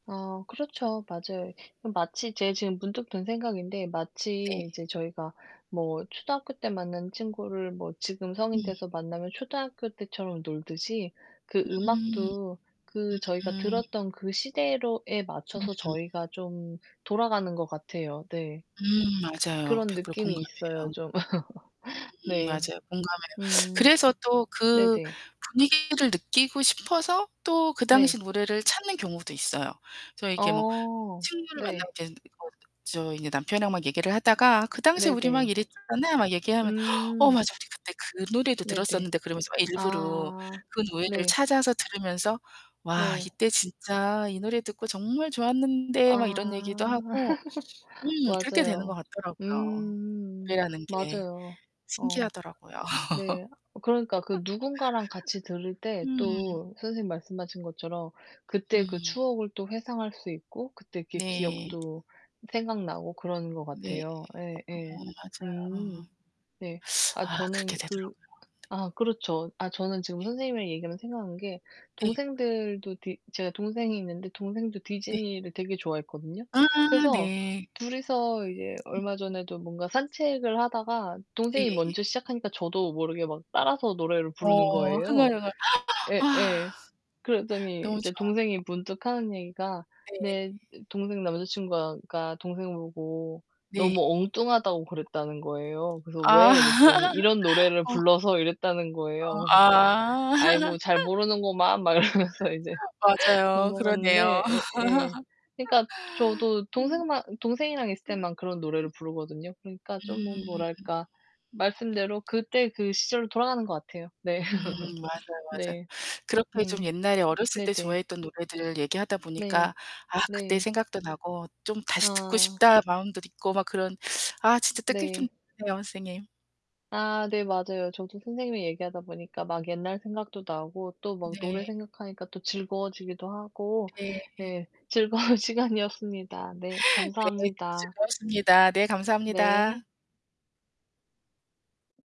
아 그렇죠. 맞아요. 음 마치 제 지금 문득 든 생각인데 네. 마치 이제 저희가 뭐 초등학교 때 만난 친구를 뭐 지금 성인 음. 돼서 만나면 초등학교 때처럼 놀듯이 그 음. 음악도 그 저희가 음. 들었던 그 시대로에 맞춰서 음. 저희가 좀 돌아가는 것 같아요. 네. 음 그 맞아요. 그런 100% 느낌이 있어요 공감해요. 좀. 음 네. 맞아요. 공감해요. 음. 그래서 또 그 네네. 분위기를 느끼고 싶어서 또 그 당시 네. 노래를 찾는 경우도 있어요. 저 이렇게 뭐 어 친구를 네. 만나고 쟤네들이 거기서 또 저 인제 남편하고 막 얘기를 하다가 "그 당시에 우리 막 네네. 이랬잖아." 막 얘기하면 "어, 음. 맞아, 우리 그때 그 노래도 네네. 들었었는데." 그러면서 막 일부러 아 그 노래를 네. 찾아서 들으면서 "와 네. 이때 진짜 이 노래 듣고 정말 좋았는데." 막 이런 얘기도 아. 하고 음 그렇게 되는 것 맞아요. 같더라고요 음 노래라는 게. 맞아요. 어 신기하더라고요. 네 그러니까 그 누군가랑 같이 들을 때 음. 또 선생님이 말씀하신 것처럼 그때 그 음. 추억을 또 회상할 수 있고 그때 이렇게 네. 기억도 생각나고 그러는 것 네. 같아요. 예예. 어 음 맞아요. 네. 아 아 그렇게 저는 되더라고요. 그 아 그렇죠. 아 저는 지금 예. 선생님이랑 얘기하면서 생각한 게 네. 동생들도 디 제가 동생이 있는데 동생도 네. 디즈니를 되게 좋아했거든요. 아 그래서 네. 둘이서 이제 음. 얼마 전에도 뭔가 산책을 하다가 동생이 네예예. 먼저 시작하니까 저도 모르게 막 따라서 노래를 부르는 어 거예요. 흥얼흥얼 아. 예예. 그러더니 너무 이제 좋아. 동생이 문득하는 얘기가 네. 내 으 동생 남자친구가 가 동생 보고 네. 너무 엉뚱하다고 그랬다는 거예요. 그래서 아 "왜?" 이랬더니 "이런 노래를 어. 불러서" 이랬다는 거예요. 어 그래서 제가 아. "아이고 잘 모르는구만." 막 이러면서 이제 맞아요. 그러네요. 넘어갔는데 예예. 그니까 저도 음. 동생만 동생이랑 있을 음 음 때만 그런 음. 노래를 부르거든요. 그러니까 좀 음 음. 뭐랄까 말씀대로 그때 그 시절로 돌아가는 것 같아요. 네. 음 맞아요, 맞아요. 네. 그렇게 좀 음 옛날에 어렸을 때 네네. 좋아했던 노래들 얘기하다 보니까 네. 아 그때 네. 생각도 나고 '좀 다시 듣고 아. 싶다.' 마음도 있고 막 그런 아 진짜 뜻깊은 네. 네요, 선생님. 아 네 맞아요. 저도 선생님이랑 얘기하다 보니까 막 옛날 생각도 나고 또 막 노래 네. 생각하니까 또 즐거워지기도 하고 네. 네 즐거운 시간이었습니다. 네. 네. 오늘 감사합니다. 즐거웠습니다. 네. 감사합니다. 네.